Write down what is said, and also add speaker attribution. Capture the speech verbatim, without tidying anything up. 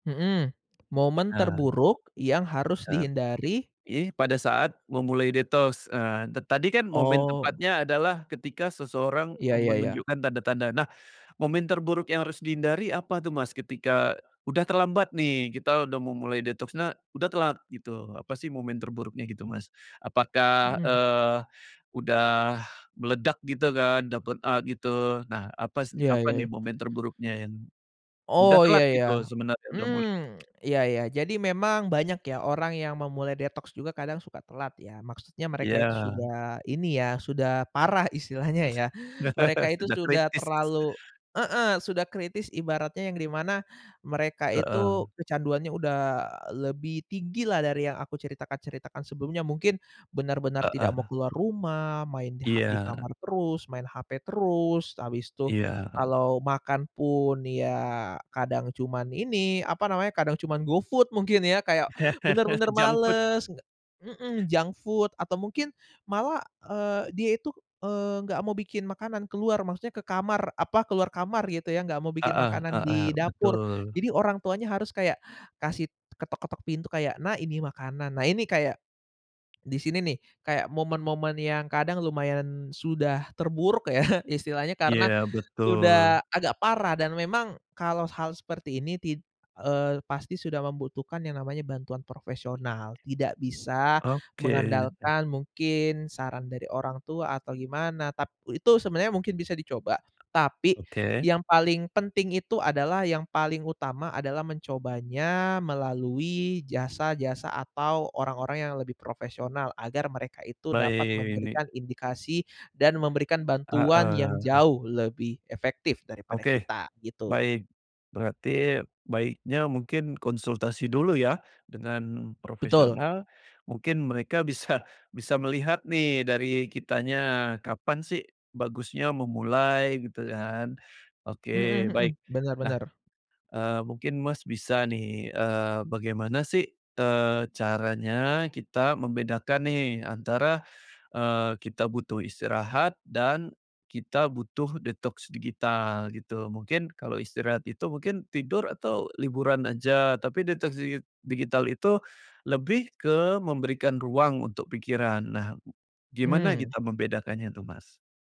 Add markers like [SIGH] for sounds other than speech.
Speaker 1: Mhm, momen
Speaker 2: Eee
Speaker 1: terburuk yang harus
Speaker 2: Eee,
Speaker 1: dihindari.
Speaker 2: ini pada saat memulai detos, eee, ta tadi kan momen
Speaker 1: Oh.
Speaker 2: tepatnya adalah ketika seseorang,
Speaker 1: Ya
Speaker 2: eee,
Speaker 1: ya ya.
Speaker 2: menunjukkan tanda-tanda. Nah, momen terburuk yang harus dihindari apa tuh, Mas, ketika udah terlambat nih, kita udah mau mulai detoksnya udah telat gitu. Apa sih momen terburuknya gitu, Mas? Apakah,
Speaker 1: Mhm.
Speaker 2: eee, udah meledak gitu kan dapet a gitu? Nah apas
Speaker 1: Ya
Speaker 2: apa
Speaker 1: ya
Speaker 2: nih
Speaker 1: ya.
Speaker 2: momen terburuknya yang, udah
Speaker 1: Oh
Speaker 2: telat
Speaker 1: ya ya,
Speaker 2: gitu sebenarnya udah mu
Speaker 1: hmm, [CLICKS TONGUE] ya ya, jadi memang banyak ya orang yang memulai detox juga kadang suka telat ya, maksudnya mereka itu
Speaker 2: Iya.
Speaker 1: sudah ini ya, sudah parah istilahnya ya mereka
Speaker 2: [LAUGHS]
Speaker 1: itu
Speaker 2: Sudah
Speaker 1: sudah
Speaker 2: kritis.
Speaker 1: terlalu heeh, sudah kritis ibaratnya yang di mana mereka itu
Speaker 2: Heeh.
Speaker 1: kecanduannya udah lebih tinggi lah dari yang aku ceritakan-ceritakan sebelumnya, mungkin benar-benar tidak mau
Speaker 2: Heeh.
Speaker 1: keluar rumah, main di ha di
Speaker 2: Iya.
Speaker 1: kamar terus, main HP terus, habis tuh
Speaker 2: Iya, heeh.
Speaker 1: kalau makan pun ya kadang cuman ini apa namanya, kadang cuman GoFood mungkin ya kayak
Speaker 2: [LAUGHS]
Speaker 1: bener-bener
Speaker 2: Junk food.
Speaker 1: males mhm, junk food atau mungkin malah, eee, dia itu, eee, nggak mau bikin makanan keluar maksudnya, ke kamar, apa, keluar kamar gitu ya, nggak mau bikin
Speaker 2: Heeh
Speaker 1: makanan
Speaker 2: heeh,
Speaker 1: di dapur,
Speaker 2: betul.
Speaker 1: jadi orang tuanya harus kayak kasih ketok-ketok pintu kayak, "Nak ini makanan," nah ini kayak di sini nih kayak momen-momen yang kadang lumayan sudah terburuk ya istilahnya karena
Speaker 2: Iya, betul.
Speaker 1: sudah agak parah dan memang kalau hal seperti ini tid eee, pasti sudah membutuhkan yang namanya bantuan profesional, tidak bisa
Speaker 2: Oke, deh.
Speaker 1: mengandalkan mungkin saran dari orang tua atau gimana tap itu sebenarnya mungkin bisa dicoba, tapi
Speaker 2: Oke.
Speaker 1: yang paling penting itu adalah yang paling utama adalah mencobanya melalui jasa-jasa atau orang-orang yang lebih profesional, agar mereka itu dapat
Speaker 2: Baik, ini
Speaker 1: memberikan indikasi dan memberikan bantuan
Speaker 2: Heeh,
Speaker 1: yang
Speaker 2: he
Speaker 1: jauh lebih efektif daripada
Speaker 2: Oke.
Speaker 1: kita gitu.
Speaker 2: Baik. Berarti baiknya mungkin konsultasi dulu ya dengan
Speaker 1: Betul.
Speaker 2: profesional, mungkin mereka bisa bisa melihat nih dari kitanya, kapan sih bagusnya memulai gitu kan, oke
Speaker 1: Mhm
Speaker 2: baik.
Speaker 1: mhm, bener
Speaker 2: Nah,
Speaker 1: bener.
Speaker 2: eee, mungkin, Mas, bisa nih, eee, bagaimana sih, eee, caranya kita membedakan nih antara, eee, kita butuh istirahat dan kita butuh detoks digital gitu, mungkin kalau istirahat itu mungkin tidur atau liburan aja, tapi detoks digi digital itu, lebih ke memberikan ruang untuk pikiran. Nah, gimana
Speaker 1: Mmm.
Speaker 2: kita membedakannya tuh, Mas?